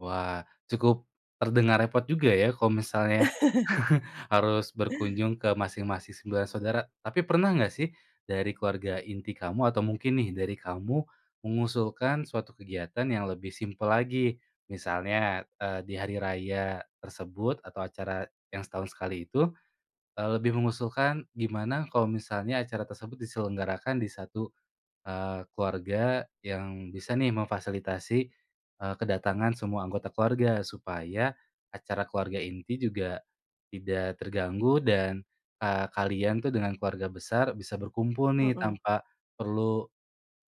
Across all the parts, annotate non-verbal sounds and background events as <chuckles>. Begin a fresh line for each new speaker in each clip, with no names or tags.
Wah cukup, terdengar repot juga ya kalau misalnya,
<chuckles>
<chuckles> harus berkunjung ke masing-masing 9 saudara. Tapi pernah gak sih dari keluarga inti kamu atau mungkin nih dari kamu mengusulkan suatu kegiatan yang lebih simpel lagi misalnya, eee, di hari raya tersebut atau acara yang setahun sekali itu, eee, lebih mengusulkan gimana kalau misalnya acara tersebut diselenggarakan di 1, eee, keluarga yang bisa nih memfasilitasi, eee, kedatangan semua anggota keluarga, supaya acara keluarga inti juga tidak terganggu dan, eee, kalian tuh dengan keluarga besar bisa berkumpul nih
Mhm.
tanpa perlu,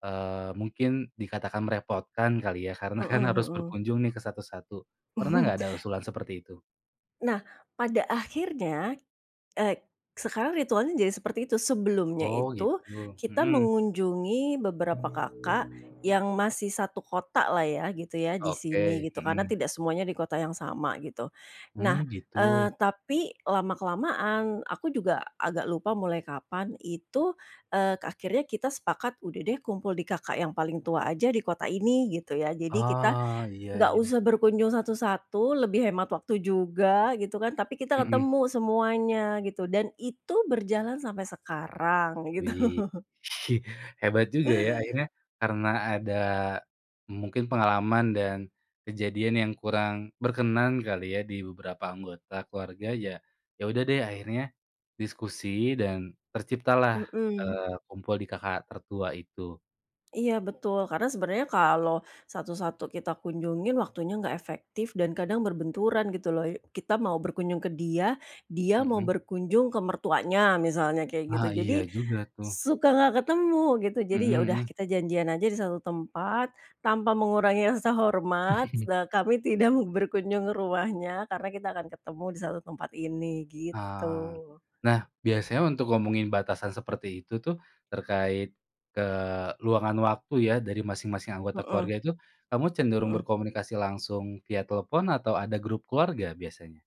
eee, mungkin dikatakan merepotkan kali ya. Karena kan
Mhm
harus
mhm.
berkunjung nih ke satu-satu, pernah nggak ada
<chuckles>
usulan seperti itu?
Nah, pada akhirnya, eee, sekarang ritualnya jadi seperti itu sebelumnya
Oh,
itu
gitu,
kita
mhm.
mengunjungi beberapa kakak yang masih satu kotalah ya, gitu ya di sini
Oke,
gitu karena
mhm.
tidak semuanya di kota yang sama gitu.
Mmm,
Nah,
gitu.
eee, tapi lama kelamaan aku juga agak lupa mulai kapan itu, eee, akhirnya kita sepakat udah deh kumpul di kakak yang paling tua aja di kota ini gitu ya, jadi kita
Ah, iya
gak
iya.
usah berkunjung satu-satu lebih hemat waktu juga gitu kan, tapi kita
Mhm.
ketemu semuanya gitu dan itu berjalan sampai sekarang gitu.
Wih. <laughs> Hebat juga ya akhirnya karena ada mungkin pengalaman dan kejadian yang kurang berkenan kali ya di beberapa anggota keluarga ya, yaudah deh akhirnya diskusi dan terciptalah,
Mhm.
eee, kumpul di kakak tertua itu.
Iya betul, karena sebenernya kalau satu-satu kita kunjungi waktunya gak efektif dan kadang berbenturan gitu loh, kita mau berkunjung ke dia, dia mau
Mhm.
berkunjung ke mertuanya misalnya kayak gitu
Ah,
jadi
iya juga tuh.
suka gak ketemu gitu. Jadi
Mhm
yaudah
mhm.
kita janjian aja di satu tempat tanpa mengurangi rasa hormat
<chuckles>
kami tidak berkunjung ke rumahnya karena kita akan ketemu di satu tempat ini gitu.
Ah, nah biasanya untuk ngomongin batasan seperti itu tuh terkait keluangan waktu ya dari masing-masing anggota
Mhm.
keluarga itu, kamu cenderung
Mhm.
berkomunikasi langsung via telepon atau ada grup keluarga biasanya?